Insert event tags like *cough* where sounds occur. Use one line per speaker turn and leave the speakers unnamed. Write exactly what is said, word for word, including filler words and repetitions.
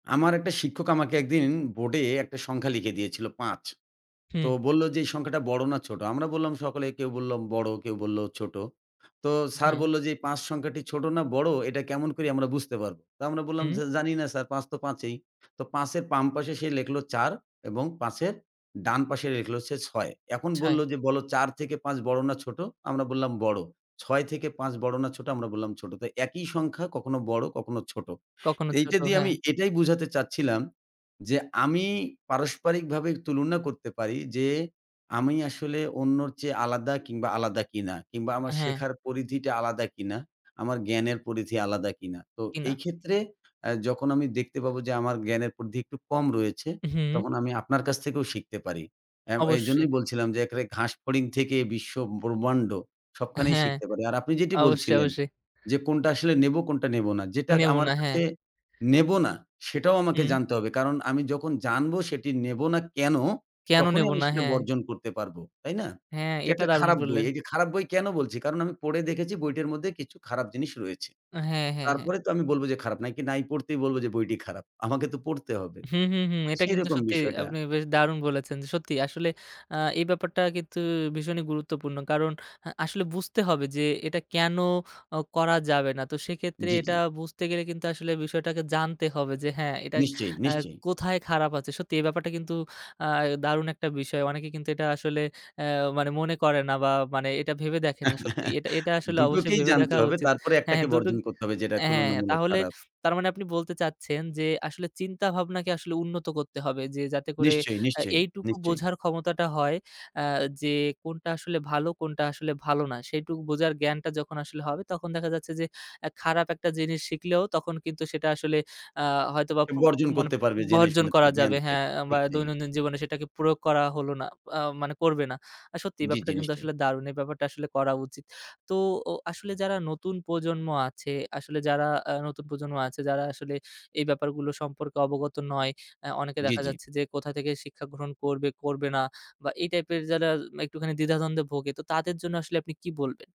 আমার একটা শিক্ষক আমাকে একদিন বোর্ডে একটা সংখ্যা লিখে দিয়েছিল পাঁচ, তো
হুম।
বলল যে, "এই সংখ্যাটা বড় না ছোট?" আমরা বললাম, সকলে কেউ বলল বড়, কেউ বলল ছোট। তো স্যার
হ্যাঁ।
বলল যে, "এই পাঁচ সংখ্যাটি ছোট না বড়, এটা কেমন করে আমরা বুঝতে পারবো?" তো আমরা বললাম
হুম।
যে, "জানি না স্যার, পাঁচ তো পাঁচই।" তো পাঁচ এর বাম পাশে সে লিখল চার এবং পাঁচ এর ডান পাশে লিখলো সে ছয়, এখন বলল
ছাই।
যে, "বল, চার থেকে পাঁচ বড় না ছোট?" আমরা বললাম, "বড়।" "ছয় থেকে পাঁচ বড় না ছোট?" আমরা বললাম, "ছোট।" তো একই সংখ্যা কখনো বড়, কখনো ছোট।
কখনো, ছোট
এইটা দিয়ে
হ্যাঁ।
আমি এটাই বুঝাতে চাচ্ছিলাম, যে আমি পারস্পারিকভাবে তুলনা করতে পারি যে আমি আসলে অন্যর চেয়ে আলাদা কিংবা আলাদা কিনা, কিংবা আমার
হ্যাঁ।
শেখার পরিধিটা আলাদা কিনা, আমার জ্ঞানের পরিধি আলাদা কিনা। তো
কি, না।
এই ক্ষেত্রে যখন আমি দেখতে পাবো যে, আমার জ্ঞানের পরিধি একটু কম রয়েছে,
হুম।
তখন আমি আপনার কাছ থেকেও শিখতে পারি। আম
অবশ্যই।
এইজন্যই বলছিলাম যে এখানে ঘাসফড়িং থেকে বিশ্ব ব্রহ্মাণ্ড, সবখানেই
হ্যাঁ,
শিখতে পারি। আর আপনি যেটি
অবশ্যই,
বলছিলেন
অবশ্যই।
যে, কোনটা আসলে নেবো, কোনটা নেব না। যেটা
নেব
আমার
না,
কাছে
হ্যাঁ।
নেব না, সেটাও আমাকে
হুম।
জানতে হবে। কারণ আমি যখন জানব সেটি নেব না কেন,
কেন
তখনই
নেব
আমি
না,
সেটা
হ্যাঁ।
বর্জন করতে পারবো। তাই না?
হ্যাঁ,
যে
এটা
একটা
দারুণ
খারাপ বই।
বললেন।
এই যে খারাপ বই কেন বলছি? কারণ আমি পড়ে দেখেছি বইটার মধ্যে কিছু খারাপ জিনিস রয়েছে।
হ্যাঁ, হ্যাঁ, হ্যাঁ।
তারপরে তো আমি বলব যে খারাপ, না কি নাই পড়তেই বলব যে বইটি খারাপ? আমাকে তো পড়তে হবে।
হুম, হুম, হুম, এটা কিন্তু
সেরকম
সত্যি।
বিষয়টা।
আপনি বেশ দারুণ বলেছেন। সত্যি আসলে আ এই ব্যাপারটা কিন্তু ভীষণই গুরুত্বপূর্ণ। কারণ আ আসলে বুঝতে হবে যে, এটা কেন করা যাবে না। তো সেক্ষেত্রে
জি,
এটা
জি।
বুঝতে গেলে কিন্তু আসলে বিষয়টাকে জানতে হবে যে, হ্যাঁ, এটা
নিশ্চয়ই,
আ
নিশ্চয়ই।
কোথায় খারাপ আছে। সত্যি এই ব্যাপারটা কিন্তু আ দারুণ একটা বিষয়। অনেকে কিন্তু এটা আসলে আ মানে মনে করে না, বা মানে এটা ভেবে দেখে না সত্যি।
*chuckles*
এটা এটা আসলে অবশ্যই
দুটোকেই
ভেবে
জানতে
দেখা
হবে।
উচিত।
তারপরে এক
হ্যাঁ,
টাকে
হ্যাঁ, দুটো
বর্জন করতে হবে, যেটা
হ্যাঁ, হ্যাঁ।
তুলনামূলক
তাহলে
খারাপ।
তার মানে আপনি বলতে চাচ্ছেন যে, আসলে চিন্তা ভাবনাকে আসলে উন্নত করতে হবে, যে যাতে করে
নিশ্চয়ই,
এ
নিশ্চয়ই,
এইটুকু
নিশ্চয়ই।
বোঝার ক্ষমতাটা হয়, আ যে কোনটা আসলে ভালো, কোনটা আসলে ভালো না। সেইটুকু বোঝার জ্ঞানটা যখন আসলে হবে, তখন দেখা যাচ্ছে যে, এ খারাপ একটা জিনিস শিখলেও, তখন কিন্তু সেটা আসলে আ হয়তোবা
সে
প্রু
বর্জন
মানে
করতে পারবে জেনে
বর্জন
শুনে তার
করা
জ্ঞান
যাবে। হ্যাঁ,
থেকে,
বা
ঠিক তাই।
দৈনন্দিন জীবনে সেটাকে প্রয়োগ করা হলো না, আ মানে করবে না। আর সত্যি, এই
জি,
ব্যাপারটা
জি।
কিন্তু
নিশ্চয়ই।
আসলে দারুণ। এই ব্যাপারটা আসলে করা উচিত। তো অ আসলে যারা নতুন প্রজন্ম আছে, আসলে যারা আ নতুন প্রজন্ম আছে, যারা আসলে এই ব্যাপারগুলো সম্পর্কে অবগত নয়। আ অনেকে
জি,
দেখা
জি।
যাচ্ছে যে, কোথা থেকে শিক্ষা গ্রহণ করবে, করবে না, বা এই টাইপের যারা একটুখানি দ্বিধাদ্বন্দ্বে ভোগে, তো তাদের জন্য আসলে আপনি কি বলবেন?